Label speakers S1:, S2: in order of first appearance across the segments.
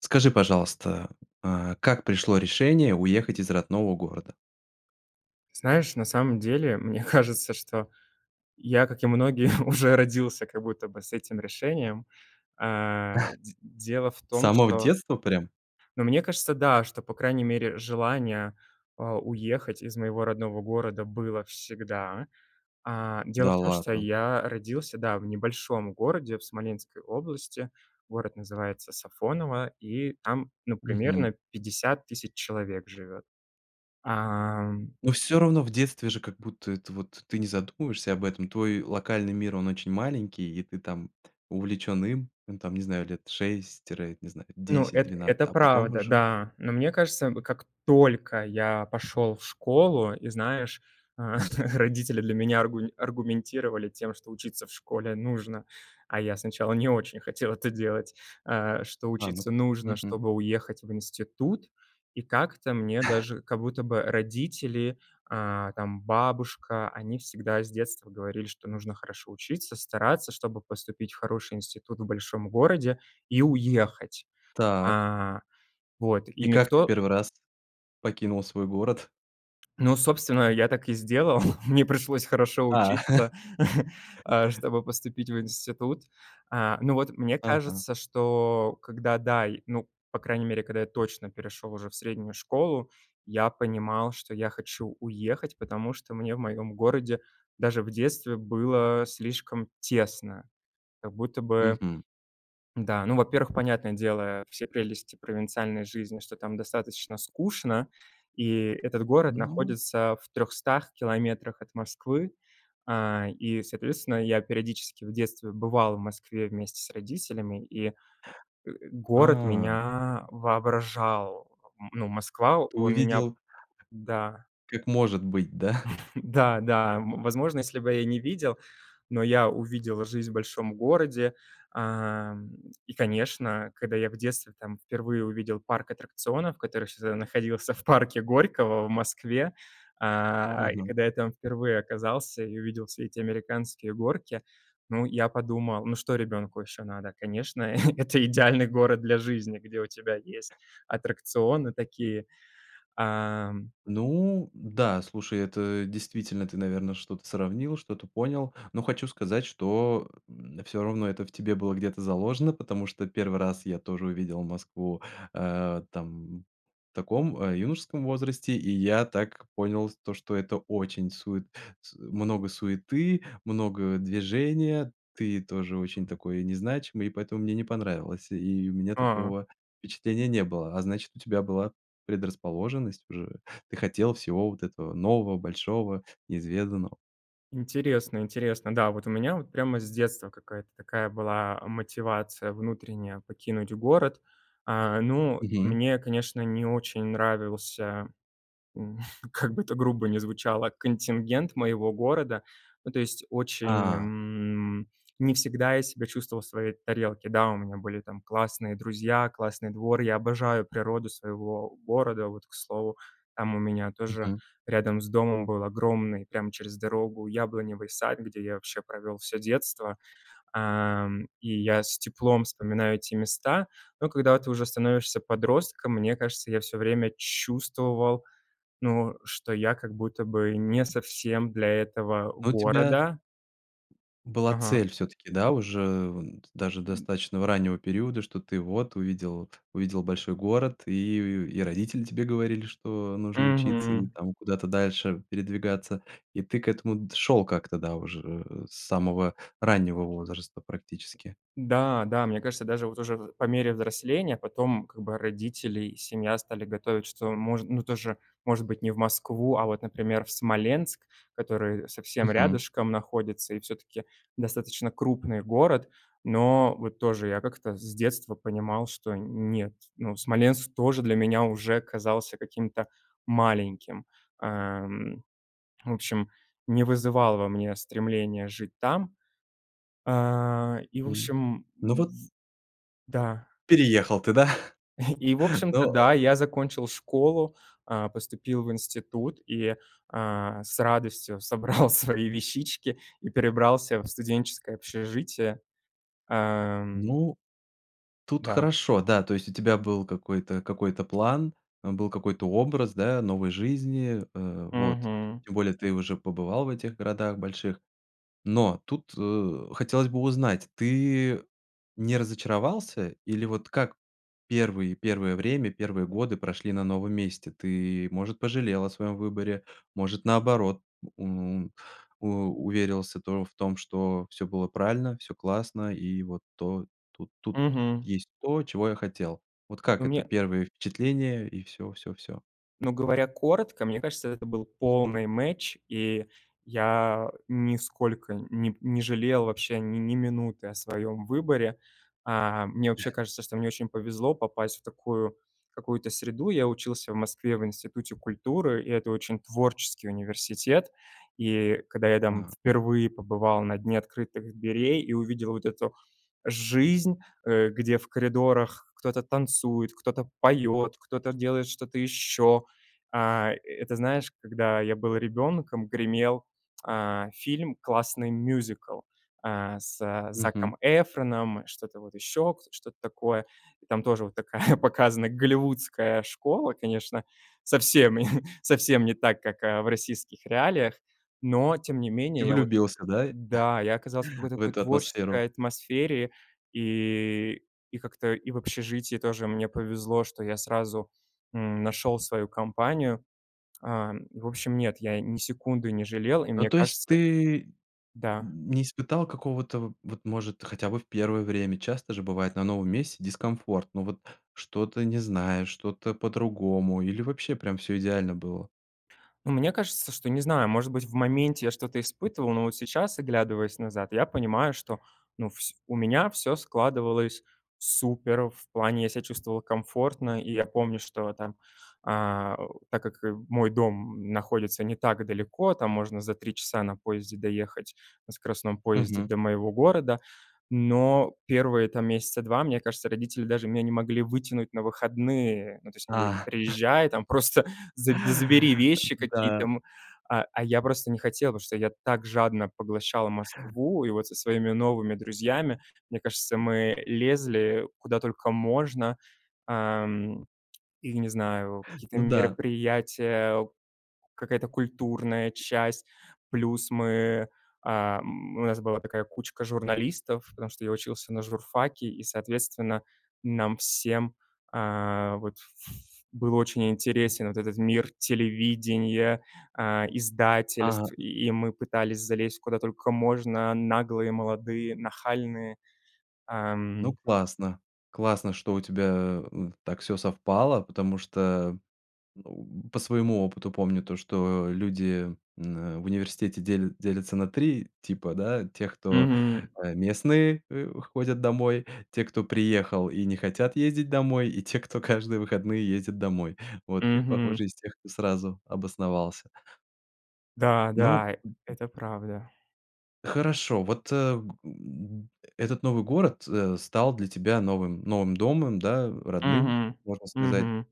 S1: Скажи, пожалуйста, э, как пришло решение уехать из родного города?
S2: Знаешь, на самом деле, мне кажется, что я, как и многие, уже родился как будто бы с этим решением. Э, дь дело в
S1: С
S2: том,
S1: самого
S2: что
S1: детства прям?
S2: Ну, мне кажется, да, что по крайней мере желание, э, уехать из моего родного города было всегда. Э, дело
S1: Да
S2: в том, что
S1: ладно.
S2: я родился, да, в небольшом городе в Смоленской области, город называется Сафоново, и там, ну,
S1: Мгм.
S2: примерно 50 000 человек живет, а, м
S1: Ну, всё равно в детстве же как будто это вот ты не задумываешься об этом. Твой локальный мир, он очень маленький и ты там увлечён им. Ну там не знаю, лет 6 тире, не знаю,
S2: Ну,
S1: десять
S2: эт
S1: двенадцать,
S2: это
S1: а потом
S2: правда,
S1: уже
S2: да. Но мне кажется, м, как только я пошёл в школу и, знаешь, э, родители для меня аргу аргументировали тем, что учиться в школе нужно, а я сначала не очень хотел это делать. Э, что
S1: А, ну
S2: учиться
S1: ка
S2: нужно,
S1: Мгм.
S2: чтобы уехать в институт, и как-то мне даже как будто бы родители, э, там, бабушка, они всегда с детства говорили, что нужно хорошо учиться, стараться, чтобы поступить в хороший институт в большом городе и уехать.
S1: Так.
S2: Э, вот, и
S1: И как ты
S2: никто
S1: 1 раз покинул свой город?
S2: Ну, собственно, я так и сделал, мне пришлось хорошо
S1: А.
S2: учиться, э, чтобы поступить в институт. Э, ну, вот, мне
S1: Ага.
S2: кажется, что когда да, и, ну, по крайней мере, когда я точно перешёл уже в среднюю школу, я понимал, что я хочу уехать, потому что мне в моём городе даже в детстве было слишком тесно. Как будто бы,
S1: Мгм.
S2: да, ну, во-первых, понятное дело все прелести провинциальной жизни, что там достаточно скучно, и этот город
S1: Ну
S2: находится в 300 километрах от Москвы, э, и, соответственно, я периодически в детстве бывал в Москве вместе с родителями, и, э, город
S1: А.
S2: меня воображал, н ну, Москва,
S1: Ты
S2: он меня
S1: увидел,
S2: Да.
S1: как может быть, да?
S2: Да, да, м, возможно, если бы я не видел, но я увидел жизнь в большом городе, эм, и, конечно, когда я в детстве там впервые увидел парк аттракционов, который ещё тогда находился в парке Горького в Москве. Э, и
S1: Мгм.
S2: когда я там впервые оказался и увидел все эти американские горки, ну, я подумал: "Ну что ребенку ещё надо?" Конечно, это идеальный город для жизни, где у тебя есть аттракционы такие. Эм.
S1: Ну да, слушай, это действительно ты, наверно, что-то сравнил, что-то понял. Но хочу сказать, что, м, всё равно это в тебе было где-то заложено, потому что первый раз я тоже увидел Москву, э, там в таком юношеском возрасте, и я так понял то, что это очень сует с много суеты, много движения. Ты тоже очень такой не значимый, и поэтому мне не понравилось. И у меня
S2: А.
S1: такого впечатления не было, а значит, у тебя была предрасположенность уже, ты хотел всего вот этого нового, большого, неизведанного.
S2: Интересно, интересно. Да, вот у меня вот прямо с детства какая-то такая была мотивация внутренняя покинуть город. Э, ну, и
S1: Мгм.
S2: мне, конечно, не очень нравился, м, как бы это грубо ни звучало, контингент моего города. Ну, то есть, очень,
S1: А.
S2: м, не всегда я себя чувствовал в своей тарелке. Да, у меня были там классные друзья, классный двор, я обожаю природу своего города. Вот, к слову, там у меня тоже
S1: Мгм.
S2: рядом с домом был огромный прямо через дорогу яблоневый сад, где я вообще провел всё детство, эм, и я с теплом вспоминаю те места. Но когда ты уже становишься подростком, мне кажется, я всё время чувствовал, ну, что я как будто бы не совсем для этого
S1: А у тебя
S2: города.
S1: была
S2: Ага.
S1: цель всё-таки, да уже вон т даже достаточного раннего периода, что ты вот увидел, увидел большой город, и, э, и родители тебе говорили, что нужно учиться и
S2: Мгм.
S1: там куда-то дальше передвигаться, и ты к этому д шёл как-то да уже с самого раннего возраста, практически.
S2: Да, да, мне кажется, даже вот уже в по мере взросления потом, как бы, родители и семья стали готовить, что можн ну, тоже, может быть не в Москву, а вот, например, в Смоленск, который совсем
S1: Мгм.
S2: рядышком находится и всё-таки достаточно крупный город. Но вот тоже я как-то с детства понимал, что нет, ну, Смоленск тоже для меня уже казался каким-то маленьким. Эм, в общем, не вызывал во мне стремления жить там. Э, и, в
S1: М.
S2: общем,
S1: Ну вот
S2: в Да.
S1: переехал ты, да?
S2: И, в общем-то,
S1: Но э
S2: да, я закончил школу, э, поступил в институт и, э, с радостью собрал свои вещички и перебрался в студенческое общежитие. Эм.
S1: Ну, тут
S2: Да.
S1: хорошо, да. То есть, у тебя был какой-то какой-то план, э, был какой-то образ да, новой жизни. Э, вот.
S2: Мгм.
S1: Тем более ты уже побывал в этих городах больших. Но тут, э, хотелось бы узнать- ты не разочаровался или вот как первые, первое время, первые годы прошли на новом месте? Ты, может, пожалел о своём выборе, может, наоборот, м, у уверился тоже в том, что всё было правильно, всё классно и вот то тут, тут
S2: Мгм.
S1: есть то, чего я хотел. Вот как
S2: Ну
S1: это
S2: мне
S1: первое впечатление и всё, всё, всё?
S2: Ну говоря коротко, мне кажется, это был полный match, и я нисколько ни не жалел вообще ни минуты о своём выборе. Э, мне вообще кажется, что мне очень повезло попасть в такую какую-то среду. Я учился в Москве в Институте культуры, и это очень творческий университет. И когда я там
S1: А.
S2: впервые побывал на дне открытых дверей и увидел вот эту жизнь, э, где в коридорах кто-то танцует, кто-то поёт, кто-то делает что-то ещё Э, это знаешь, когда я был ребенком, гремел, э, фильм классный, мюзикл, э, с
S1: Мгм.
S2: Заком Эфроном, что-то вот ещё, к что-то такое. И там тоже вот такая показана голливудская школа, конечно, совсем, совсем не так, как в российских реалиях, но тем не
S1: Ты
S2: менее я вот
S1: влюбился, да,
S2: да, я оказался в такой-то
S1: в
S2: какой
S1: эту атмосферу?
S2: творческой атмосфере, и и как-то и в общежитии тоже мне повезло, что я сразу, м, нашёл свою компанию. Э, в общем, нет, я ни секунды не жалел, и
S1: Ну
S2: мне
S1: то есть
S2: кажется
S1: ты
S2: Да.
S1: не испытал какого-то, в вот может, хотя бы в первое время, часто же бывает, на новом месте дискомфорт, ну вот, что-то не знаешь, что-то по-другому или вообще прям всё идеально было?
S2: Ну мне кажется, что, не знаю, может быть, в моменте я что-то испытывал, но вот сейчас, оглядываясь назад, я понимаю, что ну вс у меня всё складывалось супер. В плане, я себя чувствовал комфортно, и я помню, что, там, э, э, так как мой дом находится не так далеко, там можно за 3 часа на поезде доехать, на скоростном поезде
S1: Мгм.
S2: до моего города. Но первые, там, месяца 2, мне кажется, родители даже меня не могли вытянуть на выходные, ну, то есть, они говорили:
S1: А.
S2: "Приезжай, там, просто заб забери вещи какие-то,
S1: Да.
S2: м". А я просто не хотел, потому что я так жадно поглощал Москву, и вот со своими новыми друзьями, мне кажется, мы лезли, куда только можно. Эм, и, не знаю, какие-то
S1: Ну да.
S2: мероприятия, какая-то культурная часть, плюс мы, эм, у нас была такая кучка журналистов, потому что я учился на журфаке, и, соответственно, нам всем, э, вот, ф ф был очень интересен вот этот мир телевидения, э,
S1: Ага.
S2: издательств,
S1: Н
S2: и и мы пытались залезть куда только можно, наглые, молодые, нахальные.
S1: Ну
S2: Эм.
S1: классно. Классно, что у тебя, э, так всё совпало, потому что, э, по своему опыту помню то, что люди н в университете дель делятся на 3 типа, да: тех кто,
S2: Мгм.
S1: э, местные, э, ходят домой, те, кто приехал и не хотят ездить домой, и те, кто каждые выходные ездит домой. Вот, ты,
S2: Мгм.
S1: похоже, из тех, кто сразу обосновался.
S2: Да,
S1: Ну
S2: да, это правда.
S1: Хорошо. Вот, э, м, этот новый город, э, стал для тебя новым, новым домом, да, родным,
S2: Мгм.
S1: можно сказать
S2: Мгм.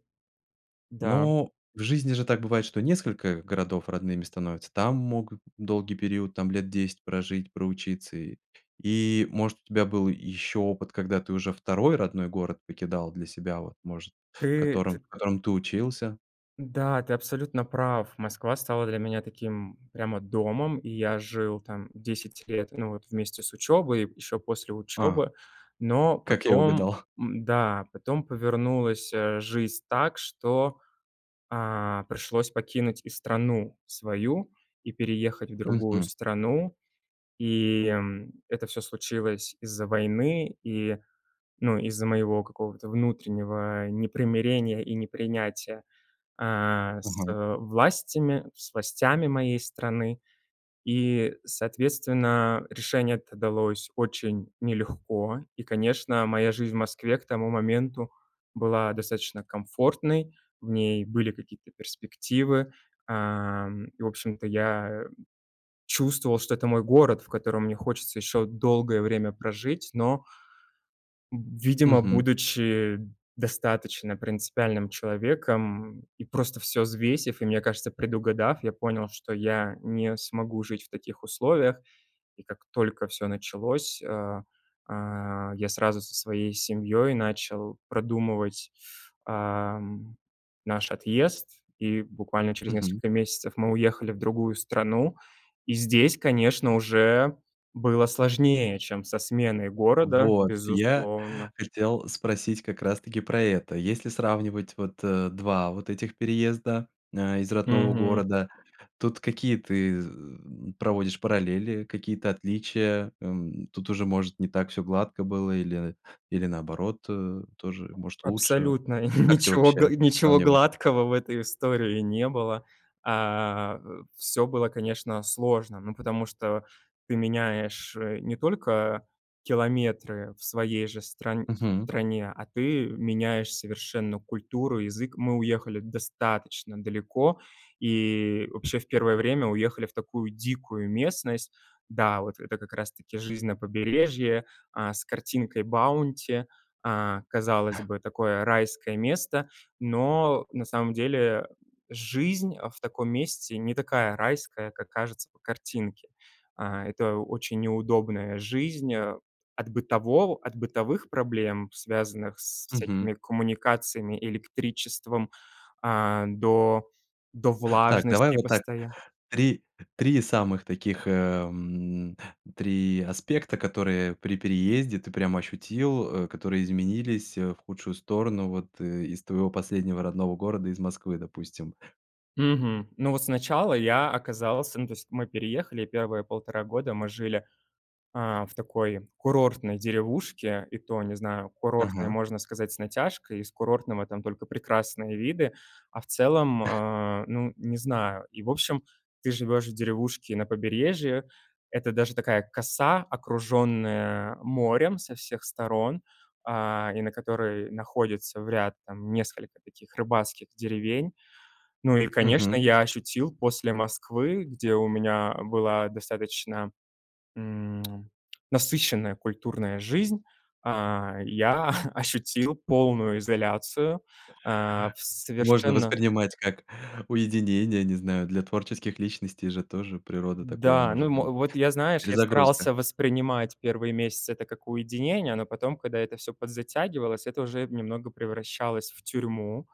S2: Да.
S1: но в жизни же так бывает, что несколько городов родными становятся. Там могут долгий период, там лет 10 прожить, проучиться. И и, может, у тебя был ещё опыт, когда ты уже второй родной город покидал для себя, вот, может,
S2: Ты
S1: котором
S2: т
S1: в котором ты учился?
S2: Да, ты абсолютно прав. Москва стала для меня таким прямо домом, и я жил там 10 лет, ну вот, вместе с учёбой, еще после
S1: А.
S2: учёбы. Но
S1: Как я
S2: потом,
S1: угадал.
S2: м, да, потом повернулась, э, жизнь так, что, э, пришлось покинуть и страну свою, и переехать в другую
S1: Мгм.
S2: страну. И, м, это всё случилось из-за войны и, ну, из-за моего какого-то внутреннего непримирения и непринятия, э, с,
S1: Мгм.
S2: э, властями, с властями моей страны. И, соответственно, решение это далось очень нелегко, и, конечно, моя жизнь в Москве к тому моменту была достаточно комфортной, в ней были какие-то перспективы, эм, и, в общем-то, я чувствовал, что это мой город, в котором мне хочется еще долгое время прожить, но видимо,
S1: Мгм.
S2: будучи достаточно принципиальным человеком и просто всё взвесив, и, мне кажется, предугадав, я понял, что я не смогу жить в таких условиях. И как только всё началось, а, а, я сразу со своей семьёй начал продумывать, а, м, наш отъезд, и буквально через
S1: Мгм.
S2: несколько месяцев мы уехали в другую страну, и здесь, конечно, уже было сложнее, чем со сменой города,
S1: Вот. Я
S2: безусловно.
S1: хотел спросить как раз таки про это. Если сравнивать вот, э, два вот этих переезда, э, из родного
S2: Мгм.
S1: города, тут какие ты з э, проводишь параллели, какие-то отличия? Эм, тут уже, может, не так всё гладко было или, э, или наоборот, э, тоже, может, лучше.
S2: Абсолютно
S1: Как ты
S2: ничего га
S1: вообще
S2: ничего
S1: сравниваешь?
S2: гладкого в этой истории не было. Э. Всё было, конечно, сложно, ну потому что ты меняешь, э, не только километры в своей же стран
S1: Мгм.
S2: стране, а ты меняешь совершенно культуру, язык. Мы уехали достаточно далеко и вообще в первое время уехали в такую дикую местность. Да, вот это как раз таки жизнь на побережье, а, с картинкой Баунти. Э, казалось бы, такое райское место, но на самом деле жизнь в таком месте не такая райская, как кажется по картинке. А, это очень неудобная жизнь, от бытового от бытовых проблем, связанных со
S1: Мгм.
S2: всякими коммуникациями, электричеством, а, до, до
S1: Так. Давай
S2: влажности
S1: вот так.
S2: постоя
S1: 3 3 самых таких, э, м, 3 аспекта, которые при переезде ты прямо ощутил, э, которые изменились, э, в худшую сторону вот, э, из твоего последнего родного города, из Москвы, допустим.
S2: Мгм. Ну, вот сначала я оказался, ну, то есть, мы переехали, и первые 1,5 года мы жили, э, в такой курортной деревушке, и то, не знаю, курортной,
S1: Ага.
S2: можно сказать, с натяжкой, из курортного там только прекрасные виды, а в целом, э, ну, не знаю. И, в общем, ты живешь в деревушке на побережье, это даже такая коса, окруженная морем со всех сторон, а, и на которой находится в ряд, там, несколько таких рыбацких деревень. Ну и, конечно,
S1: Мгм.
S2: я ощутил после Москвы, где у меня была достаточно, м, насыщенная культурная жизнь, а, я ощутил полную изоляцию, а, в
S1: Можно
S2: совершенно
S1: воспринимать как уединение, не знаю. Для творческих личностей же тоже природа такое
S2: Да, ну, и
S1: может
S2: мо
S1: быть.
S2: Вот я, знаешь, я
S1: Перезагрузка.
S2: старался воспринимать первые месяцы это как уединение, но потом, когда это всё подзатягивалось, это уже немного превращалось в тюрьму,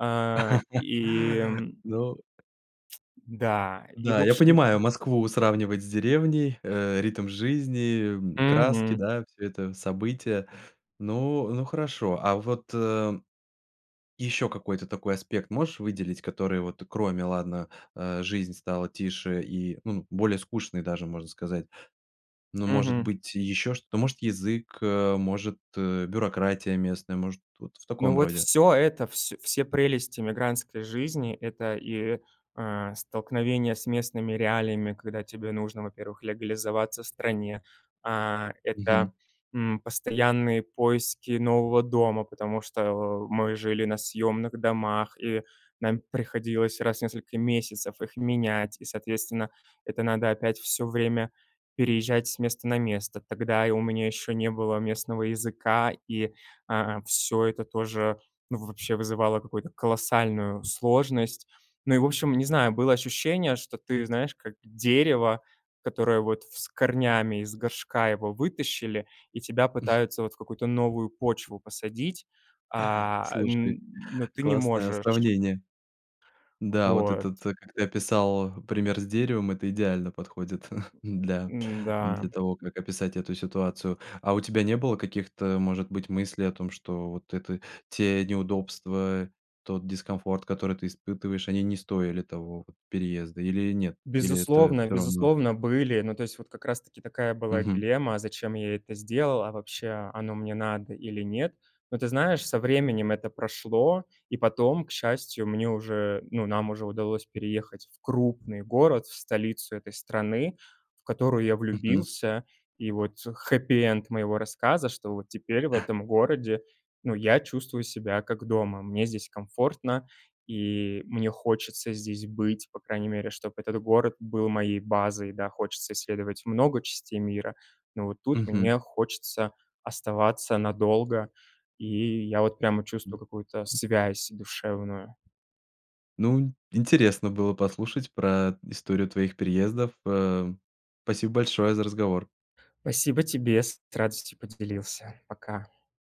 S2: э, и м
S1: Ну
S2: Да, и, в
S1: Да, я понимаю,
S2: общем-то
S1: Москву сравнивать с деревней, э, ритм жизни, краски,
S2: Мгм.
S1: да всё это события. Ну ну хорошо, а вот ещё какой-то такой аспект можешь выделить, который вот кроме, ладно, э, жизнь стала тише и, ну, более скучной даже, можно сказать. Ну, может
S2: Мгм.
S1: быть, ещё что-то. Может, язык, может, бюрократия местная, может, вот в
S2: Ну,
S1: таком
S2: вот
S1: роде.
S2: всё это, вс все прелести эмигрантской жизни- это и, э, столкновение с местными реалиями, когда тебе нужно, во-первых, легализоваться в стране. А, это,
S1: Мгм.
S2: м, постоянные поиски нового дома, потому что о мы жили на съемных домах, и нам приходилось раз в несколько месяцев их менять, и, соответственно, это надо опять всё время переезжать с места на место. Тогда и у меня ещё не было местного языка, и, а, всё это тоже вообще вызывало какую-то колоссальную сложность. Ну и, в общем, не знаю, было ощущение, что ты, знаешь, как дерево, которое вот в с корнями, из горшка его вытащили, и тебя пытаются вот в какую-то новую почву посадить, а,
S1: Слушай,
S2: м, но ты не
S1: классное
S2: можешь.
S1: сравнение. Да, вот
S2: Вот.
S1: этот, как ты описал, пример с деревом- это идеально подходит, да,
S2: М, да.
S1: для того, как описать эту ситуацию. А у тебя не было каких-то, может быть, мыслей о том, что вот это те неудобства, тот дискомфорт, который ты испытываешь, они не стоили того переезда или нет? Или это
S2: Безусловно,
S1: всё равно?
S2: безусловно были, но, то есть, вот как раз-таки такая была
S1: Мгм.
S2: дилемма: зачем я это сделал, а вообще оно мне надо или нет. Но, ты знаешь, со временем это прошло, и потом, к счастью, мне уже, ну, нам уже удалось переехать в крупный город, в столицу этой страны, в которую я
S1: Мгм.
S2: влюбился, и вот хеппи-энд моего рассказа, что вот теперь в этом городе, ну, я чувствую себя как дома. Мне здесь комфортно, и мне хочется здесь быть, по крайней мере, чтобы этот город был моей базой. Да, хочется исследовать много частей мира, но вот тут
S1: Мгм.
S2: мне хочется оставаться надолго, и я вот прямо чувствую какую-то связь душевную.
S1: Ну, интересно было послушать про историю твоих переездов. Э, спасибо большое за разговор.
S2: Спасибо тебе, с радостью поделился. Пока.